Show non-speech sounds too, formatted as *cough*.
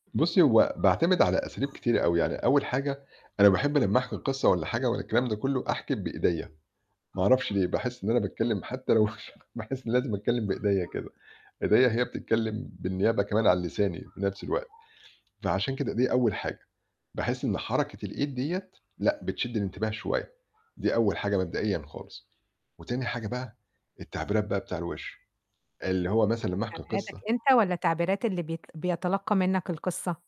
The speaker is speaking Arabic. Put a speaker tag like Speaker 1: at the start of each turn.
Speaker 1: بُصّي هو باعتمد على أساليب كتيرة أوي، يعني أول حاجة أنا باحب لمّا أحكِي قصة والّا حاجة والّا الكلام ده كلّه أحكِي بإيديَّ، ما أعرفش ليه، باحس إن أنا باتكلم حتى لو *unintelligible* باحس إني لازم أتكلم بإيديَّ كده إيديَّ هي بتتكلم بالنيابة كمان عن لساني في نفس الوقت، فعشان كده دي أول حاجة. باحس إن حركة الإيد ديّة لأ بتشد الانتباه شوية، دي أول حاجة مبدئيًا خالص. وتاني حاجة بقى التعبيرات بقى بتاع الوِش، اللي هو مثلًا لمّا أحكِي
Speaker 2: تعبيراتك
Speaker 1: قصة
Speaker 2: أنت والّا تعبيرات اللي بيت بيتلقّى منك القصة؟